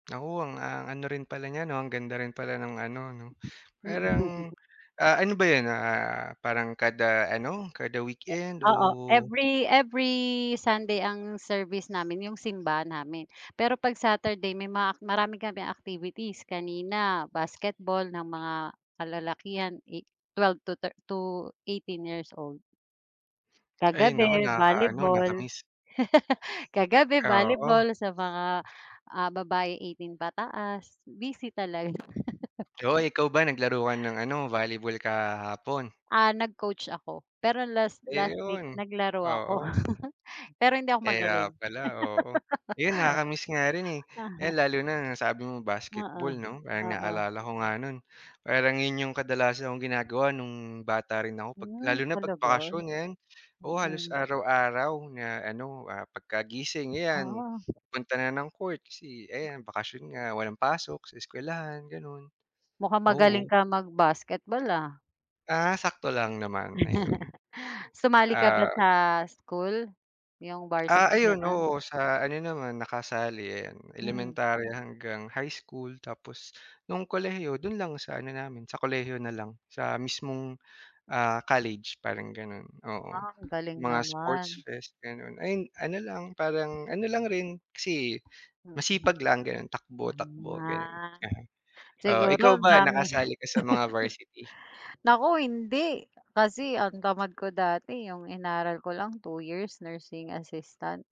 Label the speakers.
Speaker 1: Naku ang ang, ah, ano rin pala niya, 'no, ang ganda rin pala ng ano 'no,
Speaker 2: Mm.
Speaker 1: parang, ah, ano ba 'yun, ah, parang kada ano, kada
Speaker 2: E
Speaker 1: weekend?
Speaker 2: oo,
Speaker 1: O
Speaker 2: every every Sunday ang service namin 'yung simba namin. Pero pag Saturday may mga ak marami kaming activities, kanina basketball ng mga kalalakihan, i 12 to thir 18 years old.
Speaker 1: Ay naku,
Speaker 2: Kagabi
Speaker 1: nakakaano
Speaker 2: volleyball.
Speaker 1: naka-miss.
Speaker 2: Kagabi
Speaker 1: Oo.
Speaker 2: volleyball sa mga, ah, babae 18 pataas. Busy talaga.
Speaker 1: Oh, ikaw ba naglaro ka ng ano, volleyball kahapon?
Speaker 2: Ah, nag-coach ako, pero last last week
Speaker 1: Ayun,
Speaker 2: naglaro ako.
Speaker 1: oo.
Speaker 2: Pero hindi ako
Speaker 1: Kaya
Speaker 2: magaling.
Speaker 1: pala, oo, 'yun nakaka-miss nga rin, eh, ayan lalo na nasabi mo basketball
Speaker 2: Oo,
Speaker 1: 'no, parang
Speaker 2: oo.
Speaker 1: naalala ko nga no'n parang 'yun 'yung kadalasan kong ginagawa no'ng bata rin ako, pag
Speaker 2: Hmm,
Speaker 1: lalo na pag
Speaker 2: talaga?
Speaker 1: bakasyon, ngayon, oo, halos
Speaker 2: Mm.
Speaker 1: araw-araw na ano, ah, pagkagising ayan
Speaker 2: Ah.
Speaker 1: punta na ng court, kasi ayan bakasyon nga walang pasok sa eskuwelahan gano'n,
Speaker 2: Mukha magaling
Speaker 1: oo.
Speaker 2: kang mag basketball, ah.
Speaker 1: Ah, sakto lang naman ayun,
Speaker 2: Sumali ka ba
Speaker 1: ah.
Speaker 2: sa school, 'yung
Speaker 1: Ah,
Speaker 2: varsity
Speaker 1: ayun,
Speaker 2: gano'n?
Speaker 1: oo, sa ano naman nakasali, 'yan,
Speaker 2: Hmm.
Speaker 1: elementarya hanggang high school, tapos no'ng kolehiyo do'n lang sa ano namin sa kolehiyo nalang sa mismong, ah, college parang gano'n. Oo,
Speaker 2: Ah, galing
Speaker 1: mga sports
Speaker 2: naman.
Speaker 1: fest gano'n, ay ano lang parang ano lang rin kasi
Speaker 2: Mm.
Speaker 1: masipag lang gano'n,
Speaker 2: Hmm,
Speaker 1: takbo-takbo gano'n.
Speaker 2: ah,
Speaker 1: Oo, ikaw
Speaker 2: siguro
Speaker 1: ba
Speaker 2: dami,
Speaker 1: nakasali ka sa mga varsity?
Speaker 2: naku hindi, kasi ang tamad ko dati, 'yung inaral ko lang 2 years nursing assistant.